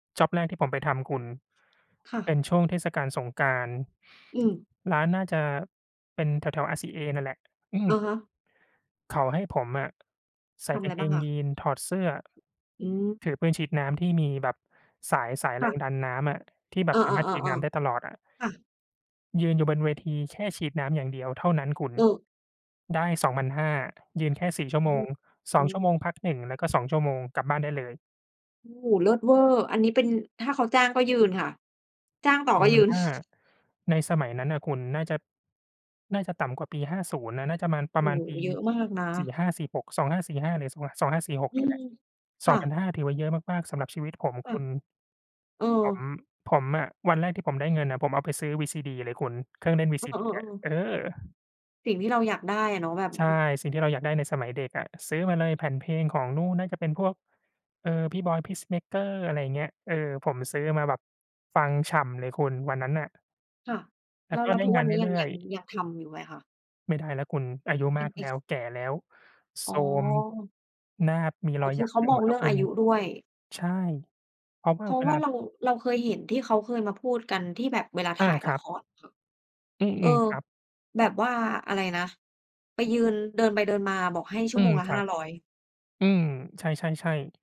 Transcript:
จ็อบแรกที่ผมไปทำคุณ ค่เปะ ็นช่วงเทศกาลสงกรานต์ อืม ร้านน่าจะ เป็นแถว ๆ RCA นั่นแหละ อือะม ฮะ เขาให้ผมอะใสท่ำอกะาไรงเกบ้างงอะ? ยีนส์ ถอดเสื้อ อืม ถือปืนฉีดน้ำที่มีแบบ สาย สายคแร่งะ ดันน้ำอะ ที่แบเอบอ สามารถฉีดน้ๆ ำได้ตๆ ลอดอะ ๆ ค่ะ ยืนอยู่บนเวที แค่ฉีดน้ำอย่างเดียวเท่านั้นคุณ อือ ได้ 2,500 ยืนแค่ 4 ชั่อวืโมง อ สออืง ชั่วม โมงพัก 1 แล้วก็ 2 ชั่วโมง กลับบ้านได้เลย โอ้โฮ เลิศเว่อร์ อันนี้เป็น ถ้าเขาจ้างก็ยืนค่ะ จ้างต่อปรก็ะมายณืน ว่า ในสมัยนั้นนะคุณ น่าจะ น่าจะต่ำกว่าปี 50 น่ะ น่าจะมาณ ปโอระ้มาโณฮ ปี เยอะมากนะ 45,46 2545 หรือ 25 2546 อืเนี่ยแม หละ คสอ่งพันะ ห้า ถือว่าเยอะมาก ๆ สำหรับชีวิตผม ค่คะ ุณ เออ ผม ผมอะ วันแรกที่ผมได้เงินอะ ผมเอาไปซื้อวีซีดีเลยคุณ เครื่องเล่นวีซีเอดีอะ อ ๆ เๆ ออ สิ่งที่เราอยากได้อะเนาะ แบบ ใช่ ม สิ่งที่เราอยากได้ในสมัยเด็กอะ ซื้อมาเลย แผ่นเพลงของนู่น น่าจะเป็นพวก เออ พี่บอย พีซเมกเกอร์ อะไรอย่างเงี้ย เออ ผมซื้อมาแบบฟังฉ่ำเลยคุณ วันนั้นน่ะ ค่ะ แลแ้ลว้ว ก็แล้วไดทุ้กงวาันนนี้ ยัเรง ื่ยอัย ง ๆ ยังทำอยู่ไหมคะ? ไม่ได้แล้วคุณ อายุเปม็านกอแา ล้ช ว แก่แล้ว อโ๋ทรม อ หน้ามีอ๋รอ อยคหยืัอกเขาไปมหมองดแลเ้รืว่องคุอาณ ยุด้วย ใช่ เพราะวเ่พาราเะวว่ลา าเรา เราเคยเห็นที่เขาเคยมาพูดกันที่แบบเวลาอถา ่ายคลระัคบ รค่ะ อืเออ ม ๆ ครับ แบบว่าอะไรนะ ไปยืน เดินไปเดินมา บอกให้ชัอ่ืวโมม งละ ครหั้าบ ร้อย อืม ใช่ ๆ ๆ